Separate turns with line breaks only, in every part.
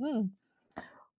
음.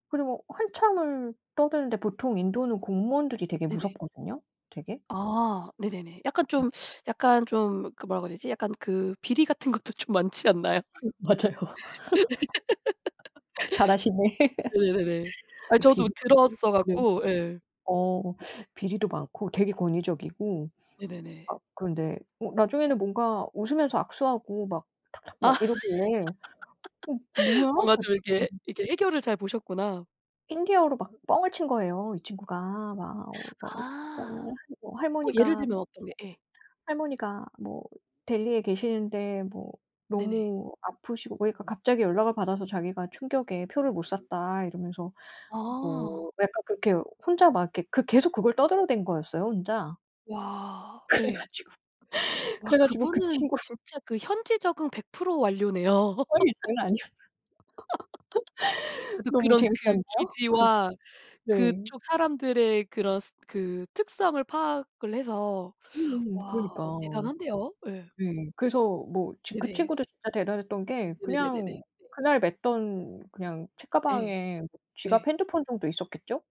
그리고 한참을 떠드는데 보통 인도는 공무원들이 되게
네네.
무섭거든요 되게.
아 네네네 약간
음.
좀 약간 좀 그 뭐라고 해야 되지? 약간 그 비리 같은 것도 좀 많지 않나요?
맞아요. 잘아시네.
네네네네. 아 저도
비리 어
들었어
네
갖고 예.
어 비리도 많고 되게 권위적이고
네네네.
아 그런데 어 나중에는 뭔가 웃으면서 악수하고 막 탁탁 막 이러길래 어 뭐야?
뭔가
아주
좀
네.
이렇게 이렇게 해결을 잘 보셨구나.
힌디어로 막 뻥을 친 거예요 이 친구가. 막 어 막 때 하고
아.
뭐
뭐 예를
할머니가
들면
뭐
어떤 게 예.
할머니가 뭐 델리에 계시는데 뭐
네네.
너무 아프시고 그러니까 갑자기 연락을 받아서 자기가 "충격에 표를 못 샀다." 이러면서 뭐
어.
약간 그렇게 혼자 막 이렇게 그 계속 그걸 떠들어댄 거였어요 혼자.
와
그래
예.
가지고
와
그래 가지고 그
그분은
친구
진짜 그 현지 적응 100% 완료네요.
아니 장난 아니었
저도
너무
그런
재밌지
그
않나요?
기지와
네.
그쪽 사람들의 그런 스 그 특성을 파악을 해서
음음.
와
그러니까
어 대단한데요. 예.
네 그래서 뭐 지 그
네네.
친구도 진짜 대단했던 게
네네네네네 네.
그냥 그날 맸던 그냥
예
책가방에 지갑,
예.
핸드폰 정도 있었겠죠?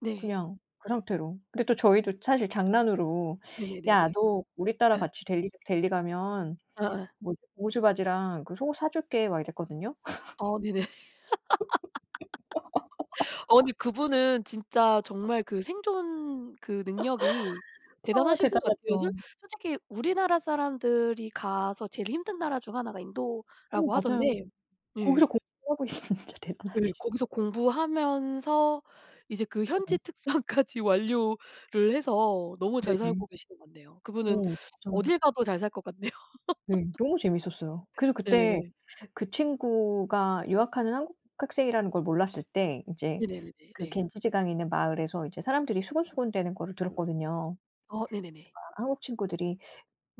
네.
그냥 그 상태로. 근데 또 저희도 사실 장난으로
네네네네
"야 너 우리 따라
예 아.
같이 델리 델리 가면
아아.
뭐 고무줄 바지랑 그 속옷 사 줄게." 막 이랬거든요.
어 네네 아니 그분은 진짜 정말 그 생존 그 능력이
아
대단하신 분 같아요. 솔
대단하죠.
솔직히 우리나라 사람들이 가서 제일 힘든 나라 중 하나가
어
인도라고
맞아요.
하던데 예.
거기서 공부를 하고 있으면 진짜
예.
대단하지.
거기서 공부하면서 이제 그
네.
현지 특성까지 완료를 해서 너무 잘
네네.
살고 계신 것 같네요. 그분은
어 진짜.
어딜 가도 잘 살 것 같네요.
네 너무 재밌었어요. 그래서 그때
네네네.
그 친구가 유학하는 한국 학생이라는 걸 몰랐을 때 이제
네네네네
그
네.
갠지스강에 있는 마을에서 이제 사람들이 수군수군대는 거를 들었거든요. 누가
어 네네네.
한국 친구들이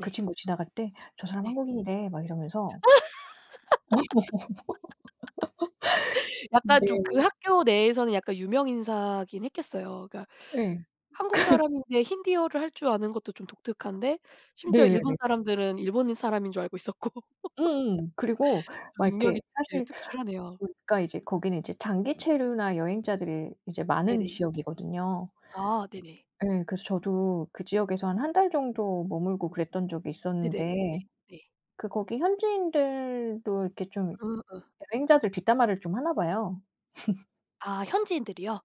그 친구 지나갈 때 "저 사람
네.
한국인이래." 막 이러면서
약간
네.
좀 그 학교 내에서는 약간 유명 인사이긴 했겠어요. 그니까
예.
한국
그
사람인데 힌디어를 할 줄 아는 것도 좀 독특한데 심지어 일본
네네네.
사람들은 일본인 사람인 줄 알고 있었고.
음음. 그리고 막 이렇게
능력이 예
사실
특출하네요.
보니까 이제 거기는 이제 장기 체류나 여행자들이 이제 많은
네네.
지역이거든요.
아 네네.
예 그래서 저도 그 지역에서 한 1 달 정도 머물고 그랬던 적이
네네네 네
있었는데
네.
그 거기 현지인들도 이렇게 좀
응. 어.
여행자들 뒷담화를 좀 하나 봐요.
아 현지인들이요?